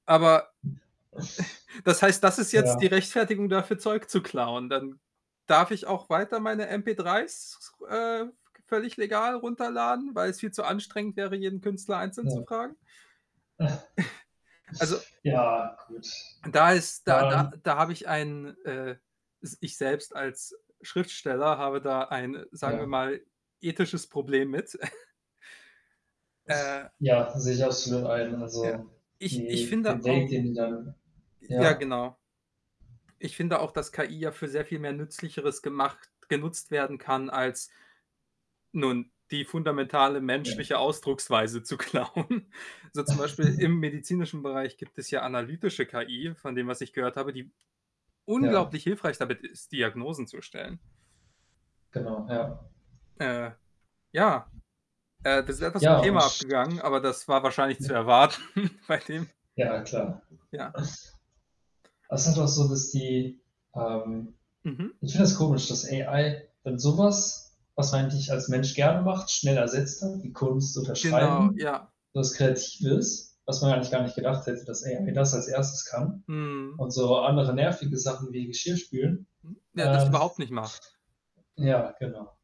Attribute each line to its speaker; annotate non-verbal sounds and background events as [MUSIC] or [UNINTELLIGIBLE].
Speaker 1: Aber, [SIGHS] das heißt, das ist jetzt die
Speaker 2: Ja.
Speaker 1: Rechtfertigung dafür, Zeug zu klauen? Dann darf ich auch weiter meine mp3's, s s ru äh, v g völlig legal runterladen, weil's viel zu anstrengend wäre, jeden Künstler einzeln
Speaker 2: Ja.
Speaker 1: zu fragen? [SIGHS] Also
Speaker 2: [SNORTS] Ja, gut.
Speaker 1: Da ist da da
Speaker 2: Ähm
Speaker 1: da habe ich ein, äh, s ich selbst als Schriftsteller habe da ein, sagen wir
Speaker 2: Ja.
Speaker 1: mal, ethisches Problem mit. [SNORTS] Äh
Speaker 2: Ja, sehe ich absolut ein.
Speaker 1: Ja.
Speaker 2: Also,
Speaker 1: Ich ich
Speaker 2: die den
Speaker 1: finde
Speaker 2: Weg,
Speaker 1: auch
Speaker 2: den die dann
Speaker 1: J ja
Speaker 2: ja?
Speaker 1: genau. Ich finde auch, dass KI ja für sehr viel mehr Nützlicheres gemacht genutzt werden kann, als nun die fundamentale
Speaker 2: Ja.
Speaker 1: menschliche Ausdrucksweise zu klauen. So zum Beispiel im
Speaker 2: [LAUGHS]
Speaker 1: medizinischen Bereich gibt es ja analytische KI von dem, was ich gehört habe, die
Speaker 2: Ja.
Speaker 1: unglaublich hilfreich damit ist, Diagnosen zu stellen.
Speaker 2: Genau, ja.
Speaker 1: Äh, ja, äh, wir sind etwas zum
Speaker 2: Ja,
Speaker 1: Thema
Speaker 2: und
Speaker 1: abgegangen, aber das war wahrscheinlich zu
Speaker 2: [UNINTELLIGIBLE]
Speaker 1: erwarten bei dem
Speaker 2: Ja, na, klar. [SNORTS]
Speaker 1: Ja.
Speaker 2: Das ist auch so, dass die ähm,
Speaker 1: Mhm.
Speaker 2: ich finde das komisch, dass AI dann so was, was man eigentlich als Mensch gerne macht, schnell ersetzt hat, die Kunst zu
Speaker 1: Genau,
Speaker 2: unterschreiben,
Speaker 1: ja.
Speaker 2: was Kreatives, was man eigentlich gar nicht gedacht hätte, dass AI das als 1. kann
Speaker 1: Mhm.
Speaker 2: und so andere nervige Sachen wie Geschirrspülen,
Speaker 1: Mhm. Ja, das
Speaker 2: ähm
Speaker 1: überhaupt nicht macht.
Speaker 2: [CHUCKLES] ja, genau.